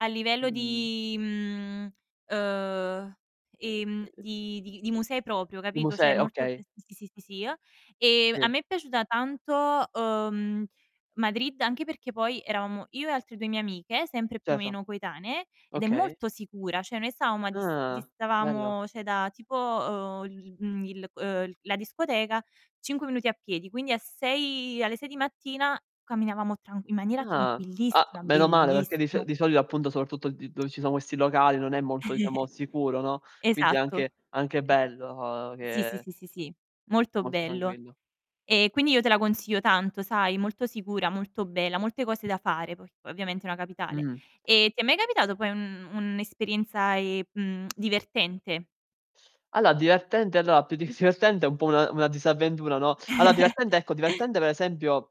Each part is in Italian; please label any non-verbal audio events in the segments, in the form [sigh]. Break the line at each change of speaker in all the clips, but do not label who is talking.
A
Mh,
livello
mh, mh.
di, mhmm, uhm, ehm, di di di musei proprio,
Dimo
capito? Cioè
6,
molto sì,
okay.
sì, sì, sì, [unintelligible] E
Sì.
a me è piaciuta tanto, uhm, Madrid, anche perché poi eravamo io e altre 2 mie amiche, sempre, più o
Certo.
meno, coetanee, ed è
Okay.
molto sicura. Cioè noi stavamo a dis
Ah, bello.
distavamo, cioè, da tipo, uhm, il mhmm, il uhm, la discoteca, 5 minuti a piedi, quindi a 6 alle 6 di mattina camminavamo tran in maniera
Ah! A
tranquillissima,
meno male perché di so
bellissimo.
di solito, appunto, soprattutto d dove ci sono questi locali non è molto, diciamo,
[chuckles]
sicuro, no, quindi è
Esatto.
anche anche
[chuckles]
bello
Sì, sì,
che
sì, sì, sì,
è
molto
molto
bello.
tranquillo.
E quindi io te la consiglio tanto, sai? Molto sicura, molto bella, molte cose da fare, poi ovviamente è una capitale.
Mh.
E ti è mai capitato poi un un'esperienza, ehm, mhmm, [tsk] divertente?
Allo divertente allora più di s divertente un po' una una disavventura, no? Allora divertente ecco,
[giggles]
divertente per esempio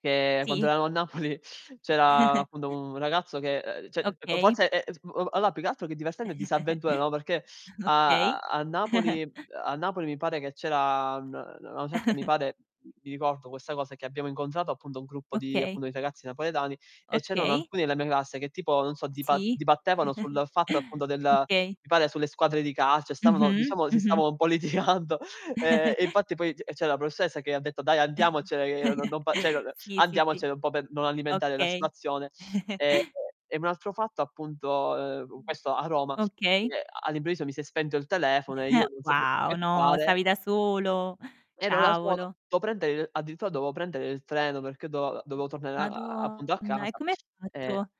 che quando
Sì.
eravamo a Napoli c'era, appunto,
[chuckles]
un ragazzo che uhm, cioè
Okay.
forse è [unintelligible] allora più che altro che divertente disavventura, no, perché
[chuckles]
a a
Okay.
a Napoli
[chuckles]
a Napoli mi pare che c'era n na a una certa, mi
[chuckles]
pare mi ricordo questa cosa che abbiamo incontrato, appunto, un gruppo di
Okay.
appunto, di ragazzi napoletani e c'erano
Okay.
alcuni della mia classe che tipo non so dipa
Sì.
dibattevano
[chuckles]
sul fatto, appunto, del
Okay.
mi pare sulle squadre di calcio e stavano
Mh-mh,
diciamo si
mh-mh.
stavano un po' litigando, ehm, e
[chuckles]
infatti poi c c'era la professoressa che ha detto: "Dai andiamocene che n non fa cioè
[chuckles] Sì, sì, sì.
andiamocene un po' per non alimentare la
Okay.
situazione". Ehm,
[chuckles]
e un altro fatto, appunto, uhm, questo a Roma,
Okay.
che all'improvviso mi si è spento il telefono e io
[chuckles]
non sapevo più
Wow,
che
no,
fare
stavi da solo.
ero da solo,
Cavolo!
do prendere il addirittura dovevo prendere il treno perché do
Uhm,
dovevo tornare a a appunto a
madonna e
casa,
come hai
e
fatto?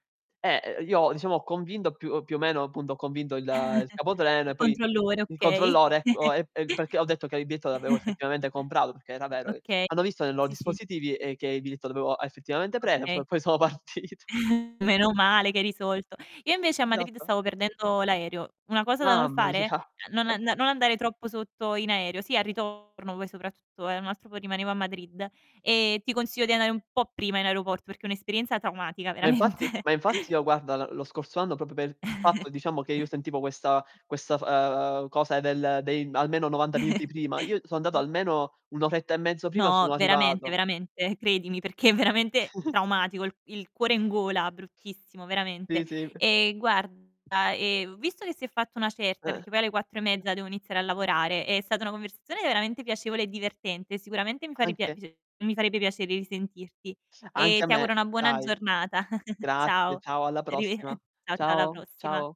eh, io diciamo ho convinto più più o meno appunto, ho convinto il il
[chuckles]
capotreno e
Il
poi
controllore,
il
okay.
controllore ecco,
[chuckles]
perché ho detto che il biglietto l'avevo
[chuckles]
effettivamente comprato perché era vero e
Oka
hanno visto nei lo
sì, sì.
dispositivi che il biglietto lo avevo effettivamente preso,
Okay.
poi sono partito.
[chuckles] Meno male che hai risolto. Io invece a Madrid
Esatto.
stavo perdendo l'aereo. Una cosa da non
Mamma
fare:
mia!
non an non andare troppo sotto in aereo. Sì, al ritorno poi soprattutto, eh, un altro po' rimanevo a Madrid. Ehm, ti consiglio di andare un po' prima in aeroporto perché è un'esperienza traumatica,
Ma infatti
veramente.
ma infatti io, guarda, l lo scorso anno proprio per il fatto, diciamo, che io
[chuckles]
sentivo questa questa f ehm, cosa del dei almeno 90 minuti prima, io so andato
[chuckles]
almeno 1 oretta e mezzo prima
No,
sono
veramente,
arrivato.
veramente, credimi, perché è veramente traumatico,
[chuckles]
il il cuore in gola, bruttissimo, veramente.
Sì, sì. [chuckles]
E guarda, ehm, visto che si è fatta una certa,
Eh.
perché poi alle 4 e mezza devo iniziare a lavorare, è stata una conversazione veramente piacevole e divertente. Sicuramente mi fa ripia
Anche
mi farebbe piacere risentirti.
s anche
E
a
ti auguro
me,
una buona
dai.
giornata. [chuckles]
Grazie,
Ciao,
ciao, alla
arrive ehm,
prossima.
ciao, ciao, alla
Ciao,
prossima.
ciao.